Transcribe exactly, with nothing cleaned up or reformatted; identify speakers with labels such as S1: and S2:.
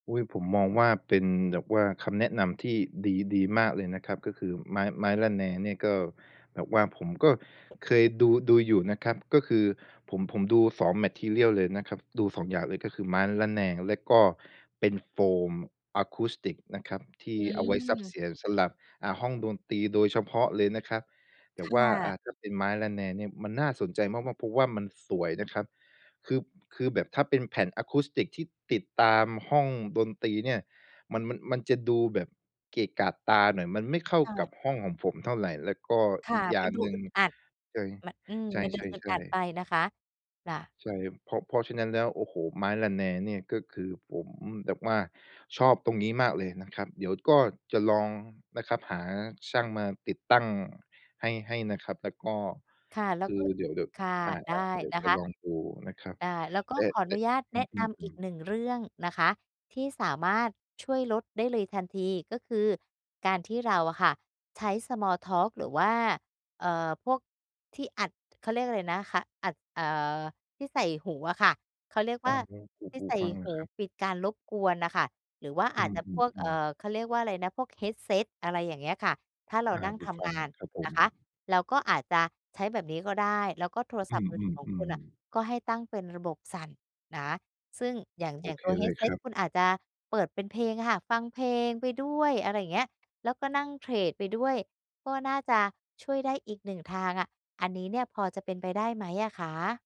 S1: อุ๊ย ผมมองว่า เป็นแบบว่าคำแนะนำที่ดี ดีมากเลยนะครับ ก็คือไม้ ไม้ระแนงเนี่ยก็แบบว่าผมก็เคยดู ดูอยู่นะครับ ก็คือผม ผมดู สอง มาทีเรียล เลยนะครับ ดู สอง อย่างเลย ก็คือไม้ระแนงแล้วก็เป็นโฟมอะคูสติกส์นะครับ ที
S2: อ
S1: ่
S2: ื
S1: เอาไว้ซับเ
S2: ม
S1: สียงสำหรับ อ่า ห้องดนตรีโดยเฉพาะเลยนะครับ แต
S2: ค
S1: ่
S2: ่
S1: ว่า อ่
S2: ะ
S1: า ถ้าเป็นไม้ระแนงเนี่ยมันน่าสนใจมาก ๆ เพราะว่ามันสวยนะครับ คือ คือแบบถ้าเป็นแผ่นอะคูสติกส์ที่ติดตามห้องดนตรีเนี่ย มัน มัน มันจะดูแบบเกะกะตาหน่อย มันไม่เข้า
S2: ค่
S1: ก
S2: ะ
S1: ับห้องของผมเท่าไร แล้วก็
S2: ค่
S1: อี
S2: ะ
S1: กอย
S2: ม
S1: ่า
S2: ัน
S1: ง
S2: ดู
S1: หนึ่
S2: อ
S1: ง
S2: ึดอัด
S1: ใช่
S2: มัน อืม มันด
S1: ใ
S2: ูอึด
S1: ช
S2: อ
S1: ่
S2: ัด
S1: ๆ ๆ
S2: ไปนะคะ จะ
S1: ใช่ เพราะ เพราะฉะนั้นแล้ว โอ้โฮ ไม้ระแนงเนี่ยก็คือผมแบบว่าชอบตรงนี้มากเลยนะครับ เดี๋ยวก็จะลองนะครับ หาช่างมาติดตั้งให้ ให้นะครับแล้วก็
S2: ค่ะ แล้
S1: ค
S2: ว
S1: ือ
S2: ก็
S1: เดี๋ยว เดี๋ยว
S2: ค่ะ
S1: อ่า
S2: ได้
S1: เดี๋ยว
S2: นะ
S1: จ
S2: ค
S1: ะ
S2: ะ
S1: ลองดูนะครับ
S2: อา แล้วก็
S1: แต่
S2: ขออ
S1: แต
S2: น
S1: ่
S2: ุญาต
S1: อ
S2: แ
S1: ื
S2: นะนำอีก
S1: ม ๆ ๆ
S2: หนึ่ง เรื่องนะคะ ที่สามารถช่วยลดได้เลยทันที ก็คือการที่เราอะค่ะ ใช้ Small Talk หรือว่า เอ่อ พวกที่อัด เขาเรียกอะไรนะคะ อัด เอ่อ ที่ใส่หูอะค่ะ เขาเรียก
S1: อ
S2: ว
S1: ๋อ
S2: ่า
S1: หู หู
S2: ที่
S1: หู
S2: ใส่
S1: ฟัง
S2: ห
S1: อะ
S2: ู
S1: ครับ
S2: ปิดการรบกวนน่ะค่ะ หรือว่าอ
S1: อื
S2: าจจะพวก เอ่
S1: อ ๆ ๆ
S2: อ เขาเรียกว่าอะไรนะ พวก Headset อะไรอย่างเงี้ยค่ะ ถ้าเรา
S1: อา
S2: นั่ง
S1: หู
S2: ท
S1: ฟ
S2: ำ
S1: ั
S2: ง
S1: ง
S2: า
S1: อ
S2: น
S1: ะครับผ
S2: นะ
S1: ม
S2: คะ เราก็อาจจะใช้แบบนี้ก็ได้ แล้วก็โทร
S1: อ
S2: ศ
S1: ื
S2: ัพท์มือถือของคุณ
S1: อ
S2: น่ะ
S1: ๆ ๆ
S2: ก็ให้ตั้งเป็นระบบสั่นนะ ซึ่งอย่าง
S1: โ
S2: อ
S1: อ
S2: ย่าง
S1: เค
S2: ตัว
S1: เลยค
S2: Headset
S1: รับ
S2: คุณอาจจะเปิดเป็นเพลงอะค่ะ ฟังเพลงไปด้วย อะไรเงี้ย แล้วก็นั่งเทรดไปด้วย ก็น่าจะช่วยได้อีก หนึ่ง ทางอะ อันนี้เนี่ยพอจะเป็นไปได้ไหมอะคะ?